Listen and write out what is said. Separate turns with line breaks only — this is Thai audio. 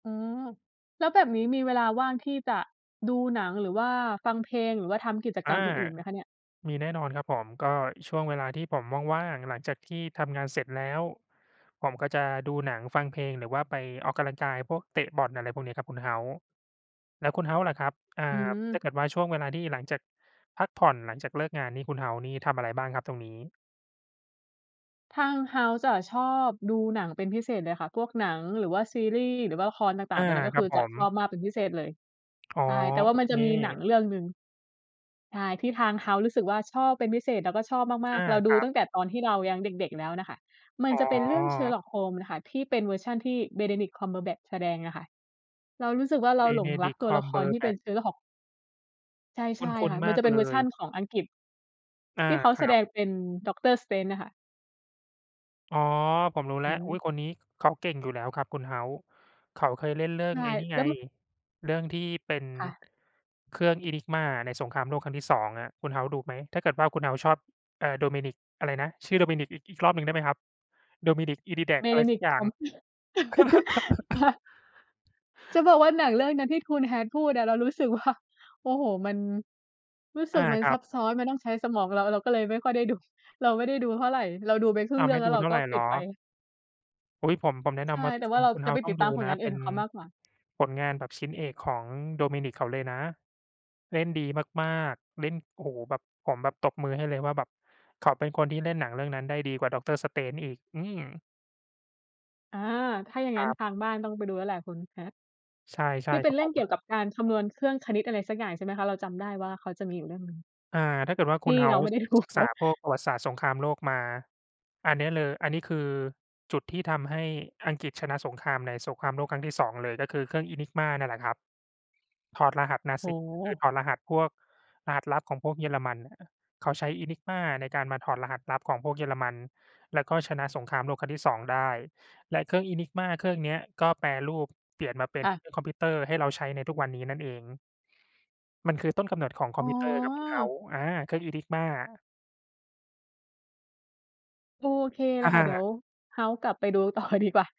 อืม แล้วแบบนี้มีเวลาว่างที่จะดูหนัง หรือว่าฟังเพลง หรือว่าทำกิจก
อา
รรมอื่น ๆ ไหมคะเนี่ย?
มีแน่นอนครับผม ก็ช่วงเวลาที่ผมว่าง ๆ หลังจากที่ทำงานเสร็จแล้ว ผมก็จะดูหนังฟังเพลง หรือว่าไปออกกำลังกาย พวกเตะบอล อะไรพวกนี้ครับคุณ House แล้วคุณ House ล่ะครับ อา
อื
ถ้า
ม
เกิดว่า ช่วงเวลาที่หลังจากพักผ่อน หลังจากเลิกงานนี่ คุณ House นี่ทำอะไรบ้างครับตรงนี้?
ทาง House จะชอบดูหนังเป็นพิเศษเลยค่ะ พวกหนัง หรือว่าซีรีส์ หรือว่าละครต่
อ
าง
า
ๆ ตรงนี้ ก็
คร
ค
ั
ื
บ
อ
ผ
จะ
ม
ชอบมากเป็นพิเศษเลย
อ๋อ
ใช่ แต่ว่
โอ
ามั
เ
น
ค
จะมีหนังเรื่องหนึ่ง ใช่ ที่ทาง House รู้สึกว่า ชอบเป็นพิเศษ แล้วก็ชอบม
อ
าก
า
ๆ เราด
ค
ู
รับ
ตั้งแต่ตอนที่เรายังเด็ก ๆ แล้วน่ะค่ะ มั
อ
น
๋อ
จะเป็นเรื่อง Sherlock holmes ค่ะ ที่เป็นเวอร์ชันที่ Benedict cumberbatch แสดงอะค่ะ เรารู้สึกว่า เราหลงรัก
Benedict
ตัวละครที่เป็น
Cumberbatch
Sherlock ใช
ค
่
ุ
ๆ
้
ค
น
่ะ
ๆ
ม
ม
ัน
า
จ
ก
ะเป็
เ
น
ล
เวอร์ชั
ย
นของอังกฤษ
อา
ที่เขา
ค
แส
รั
ด
บ
งเป็น Doctor Strange อะค่ะ
อ๋อ ผมรู้แ
อ
ล
ื
้ว อ
ม
ุ๊ย คนนี้เขาเก่งอยู่แล้วครับคุณ House เขาเคยเล่นเรื่อ
ใช
ง
่
ไอ้นี่
แ
ไ
ล้
ง
ว ม
เรื่องที่เป็น
ค่ะ
เครื่อง Enigma ในสงครามโลกครั้งที่ 2 อะ คุณ House ดูไหม ถ้าเกิดว่าคุณ House ชอบ เอ่อ Dominic อะไรนะ ชื่อ Dominic อีก อีกรอบหนึ่งได้ไหมครับ? Dominic Edidack อะไรสัก
Benedict
อย่าง
cum ค่ะ จะบอกว่าหนังเรื่องนั้นที่คุณ Hat พูดอะ เรารู้สึกว่า โอ้โฮ มัน รู้ส
อ
ึ
า
กมัน
ครั
ซั
บ
บซ้อน มันต้องใช้สมอง เรา เราก็เลยไม่ค่อยได้ดู เราไม่ได้ดูเท่าไร เราดูไปครึ่
อ้
ง
า
เ
ว
รื่
ไม
อง
่
แล้
ดู
วเรา
เท่า
ก็
ไรเ
ป
หร
ิด
อ?
ไป
อุ๊ย ผม ผมแนะน
ใช่
ำว่า
แต่
ค
ว่
ุ
า
ณ
เรา
คุณ
จะไป
House ต
ต
้อ
ิด
ง
ต
ดู
ามผล
นะ
งาน
เ
อ
ป
ื่
็
น
น
ของเขามากกว่า
ผลงานแบบชิ้นเอกของ Dominic เขาเลยนะ เล่นดีมาก ๆ เล่น โอ้โฮ แบบ ผมแบบตบมือให้เลยว่าแบบเขาเป็นคนที่เล่นหนังเรื่องนั้นได้ดีกว่า Doctor Strange อีก อืม
อา ถ้าอย่าง
ค
ง
ร
ั้น
ับ
ทางบ้านต้องไปดูแล้วแหละ คุณ Hat
ใช่ ใช
ท
่
ี่เป
ค
็
ร
น
ับ
เรื
ผ
่องเกี
ม
่ยวกับการคำนวณเครื่องคณิตอะไรสักอย่าง ใช่ไหมคะ? เราจำได้ว่า เขาจะมีอยู่เรื่องหนึ่ง
อา ถ้าเกิดว่า
ท
ค
ี
ุณ
่เราไม่
House
ได้ ดู
ศึ
เ
ก
ข
ษ
า
าพวกประวัติศาสตร์สงครามโลกมา อันนี้เลย อันนี้คือจุดที่ทำให้อังกฤษชนะสงครามในสงครามโลกครั้งที่ 2 เลย ก็คือเครื่อง Enigma นั่นแหละครับ ถอดรหัส
โอ้
Nazi
โ
คือ
ฮ
ถอดรหัสพวกรหัสลับของพวกเยอรมันอะ เขาใช้ Enigma ในการมาถอดรหัสลับของพวกเยอรมัน แล้วก็ชนะสงครามโลกครั้งที่ 2 ได้ และเครื่อง Enigma เครื่องเนี้ย ก็แปรรูปเปลี่ยนมาเป็น
ค่
เ
ะ
ครื่องคอมพิวเตอร์ ให้เราใช้ในทุกวันนี้นั่นเอง มันคือต้นกำหนดของคอ
อ๋
มพิวเตอร์ครับคุณ
อ
House อา เครื่อง Enigma
โอเคเล
อ
ยค่ะ เดี๋ย
า
ว House กลับไปดูต่อดีกว่า